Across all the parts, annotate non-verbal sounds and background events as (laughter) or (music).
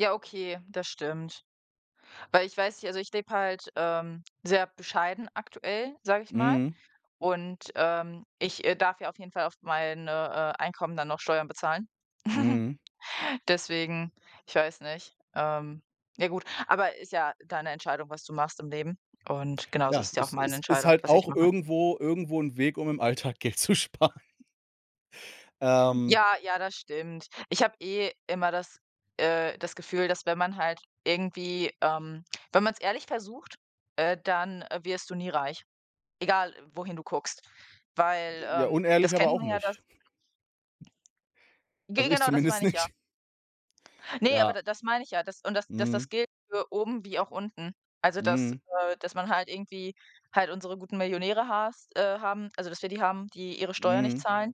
Ja, okay, das stimmt. Weil ich weiß nicht also, ich lebe halt, ähm, sehr bescheiden aktuell, sage ich mal. Mhm. Und, ähm, ich, äh, darf ja auf jeden Fall auf meine, äh, Einkommen dann noch Steuern bezahlen. (chuckles) Mhm. Deswegen, ich weiß nicht. Ähm, ja gut, aber ist ja deine Entscheidung, was du machst im Leben und genauso Ja, ist es ja auch es meine ist ist Entscheidung, halt was ich auch mache. irgendwo irgendwo 'n Weg, um im Alltag Geld zu sparen. Hm. Ähm. Ja, ja, das stimmt. Ich habe eh immer das, äh das Gefühl, dass wenn man halt irgendwie, ähm wenn man's ehrlich versucht, äh, dann wirst du nie reich, egal wohin du guckst. Weil, Ja, ähm, unehrlich das aber kennt auch man ja, dass nicht. (chuckles) Ge Also, ich Genau, das zumindest meine ich ja. nicht. Ne, aber Ja. d das meine ich ja, dass und dass Mhm. das gilt für oben wie auch unten. Also, dass, Mhm. äh dass man halt irgendwie halt unsere guten Millionäre hast, äh haben also, dass wir die haben, die ihre Steuer nicht Mhm. zahlen.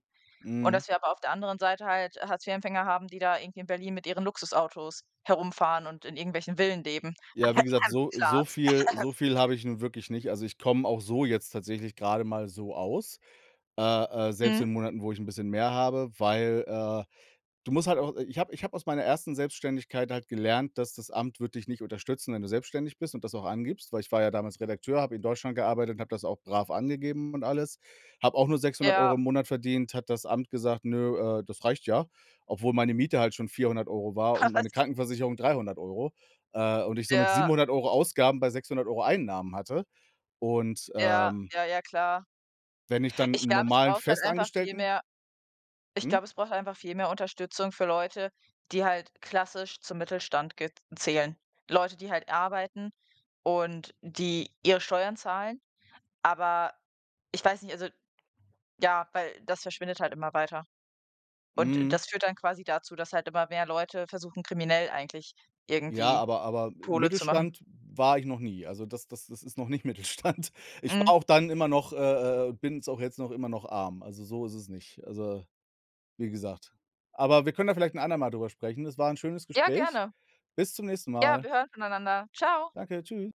Und Mhm. dass wir aber auf der anderen Seite halt, äh, Hartz 4 Empfänger haben, die da irgendwie in Berlin mit ihren Luxusautos herumfahren und in irgendwelchen Villen leben. Ja, wie gesagt, (clears throat) so so Klaas. viel (clears throat) so viel habe ich nun wirklich nicht. Also, ich komme auch so jetzt tatsächlich grade mal so aus. Äh, äh, selbst Mhm. in Monaten, wo ich 'n bisschen mehr habe, weil, äh du musst halt auch ich habe ich habe aus meiner 1. Selbstständigkeit halt gelernt, das das Amt wird dich nicht unterstützen, wenn du selbstständig bist und das auch angibst, weil ich war ja damals Redakteur, habe in Deutschland gearbeitet und habe das auch brav angegeben und alles. Habe auch nur 600 € Ja. im Monat verdient. Hat das Amt gesagt: „Nö, äh, das reicht ja“, obwohl meine Miete halt schon 400 € war Ha, und was? meine Krankenversicherung 300 €, äh, und ich somit Ja. 700 € Ausgaben bei 600 € Einnahmen hatte. Und, Ja, ähm ja, ja, klar. Wenn ich dann Ich 'n glaube, es normalen braucht halt einfach viel Festangestellten mehr ich Hm? glaube, es braucht einfach viel mehr Unterstützung für Leute, die halt klassisch zum Mittelstand ge zählen. Leute, die halt arbeiten und die ihre Steuern zahlen, aber ich weiß nicht, also ja, weil das verschwindet halt immer weiter. Und Mhm. das führt dann quasi dazu, dass halt immer mehr Leute versuchen, kriminell eigentlich Ja, irgendwie aber aber Kohle zu machen. Mittelstand war ich noch nie. Also, das das das ist noch nicht Mittelstand. Ich war Mhm. auch dann immer noch, äh äh äh, bin's auch jetzt noch immer noch, arm. Also, so ist es nicht, also, wie gesagt. Aber wir können da vielleicht 'n andermal drüber sprechen. Das war 'n schönes Ja, Gespräch. gerne. Bis zum nächsten Ja, Mal. wir hören voneinander. Tschau. Danke, Tschü